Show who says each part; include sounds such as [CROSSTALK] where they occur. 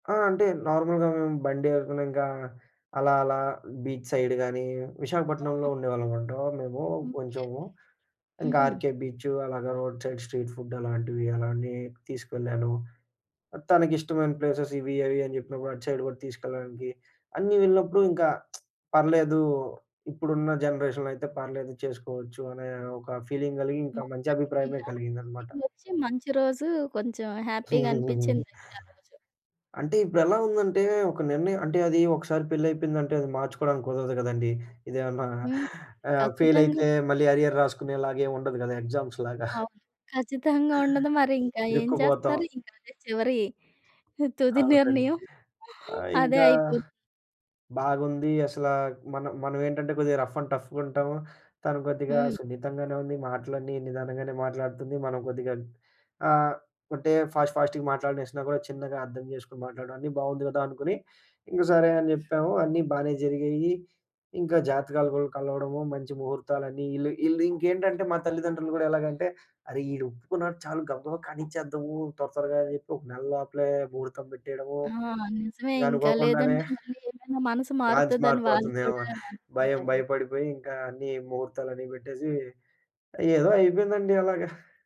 Speaker 1: ఆ! అంటే నార్మల్‌గా బండి ఏసుకునింకా అలా అలా బీచ్ సైడ్ గానీ విశాఖపట్నంలో
Speaker 2: ఆహా!
Speaker 1: ఉండేవాళ్ళమన్నమాట మేము
Speaker 2: ఓకే.
Speaker 1: కొంచెము ఇంకా
Speaker 2: హుహు.
Speaker 1: 'ఆర్‌కే బీచు' అలాగ రోడ్ సైడ్ స్ట్రీట్ ఫుడ్ అలాంటివి అలానే తీసుకెళ్ళాను. తనకిష్టమైన ప్లేసెస్ ఇవి అవి అని చెప్పినప్పుడు అటు సైడ్ కూడా తీసుకెళ్లడానికి అన్నీ ఎళ్ళినప్పుడు ఇంకా [SMACKS LIPS] పర్లేదు ఇప్పుడున్న జనరేషన్‌లో అయితే పర్లేదు చేసుకోవచ్చు అనే ఒక ఫీలింగ్ కలిగి ఇంకా మంచి
Speaker 2: మొత్తానికి
Speaker 1: అభిప్రాయమే
Speaker 2: ఆ!
Speaker 1: కలిగిందనమాట.
Speaker 2: [UNINTELLIGIBLE] వచ్చి మంచి రోజు కొంచెం
Speaker 1: హుహుహు.
Speaker 2: హ్యాపీగనిపిచ్చిందయితే ఆ రోజు.
Speaker 1: అంటే ఇప్పుడెలా ఉందంటే ఒక నిర్ణయం అంటే అది ఒకసారి పెళ్లయిపోయిందంటే అది మార్చుకోడానికి కుదరదు కదండీ. ఇదేమన్నా
Speaker 2: హ్మ్.
Speaker 1: ఆహ్,
Speaker 2: ఖచ్చితంగా
Speaker 1: ఫెయిలయితే
Speaker 2: ఇప్పుడు.
Speaker 1: మళ్ళీ అరియర్ రాసుకునేలాగా ఏముండదు కదా ఎగ్జామ్స్‌లాగా. [CHUCKLES]
Speaker 2: అవును. ఖచ్చితంగా ఉండదు. మరి ఇంకా ఏం
Speaker 1: ఇరుక్కుపోతాం.
Speaker 2: చేస్తారు? ఇంకా అదే చివరి తుది
Speaker 1: అవునండి.
Speaker 2: నిర్ణయం
Speaker 1: ఆహ్,
Speaker 2: అదే
Speaker 1: ఇంకా
Speaker 2: అయిపో
Speaker 1: బాగుంది అసల మనం మనమేంటంటే కొద్దిగా రఫ్ అండ్ టఫ్‌గుంటాము. తను కొద్దిగా
Speaker 2: హ్మ్.
Speaker 1: సున్నితంగానే ఉంది మాటలన్నీ నిదానంగానే మాట్లాడుతుంది మనం కొద్దిగా ఆహ్, అంటే ఫాస్ట్ ఫాస్ట్‌గా మాటలనేసినా కూడా చిన్నగా అర్థం చేసుకొని మాట్లాడడం అన్నీ బావుంది కదా! అనుకుని ఇంక సరే అని చెప్పాము అన్నీ బానే జరిగాయి. ఇంకా జాతకాలు కూడా కలవడము మంచి ముహూర్తాలన్నీ ఈళ్ళు ఈళ్ళింకేంటంటే మా తల్లిదండ్రులు కూడా ఎలాగంటే అరె! ఈడొప్పుకున్నాడు చాలు గబగబా కనిచ్చేద్దాము. త్వర త్వరగా అని చెప్పి ఒక నెల లోపలే ముహూర్తం పెట్టేయడము
Speaker 2: ఆ! నిజమే. ఇంకా
Speaker 1: అనుకోకుండానే
Speaker 2: లేదంటే మళ్ళీ ఏమైనా మనసు
Speaker 1: మ్యాట్చ్
Speaker 2: మారుతదని వాళ్ళు
Speaker 1: మారిపోతుందేమో
Speaker 2: కూడా
Speaker 1: భయం.
Speaker 2: అనుకుంటరు.
Speaker 1: భయపడిపోయి ఇంకా అన్ని ముహూర్తాలన్ని పెట్టేసి ఏదో అయిపోయిందండి అలాగా.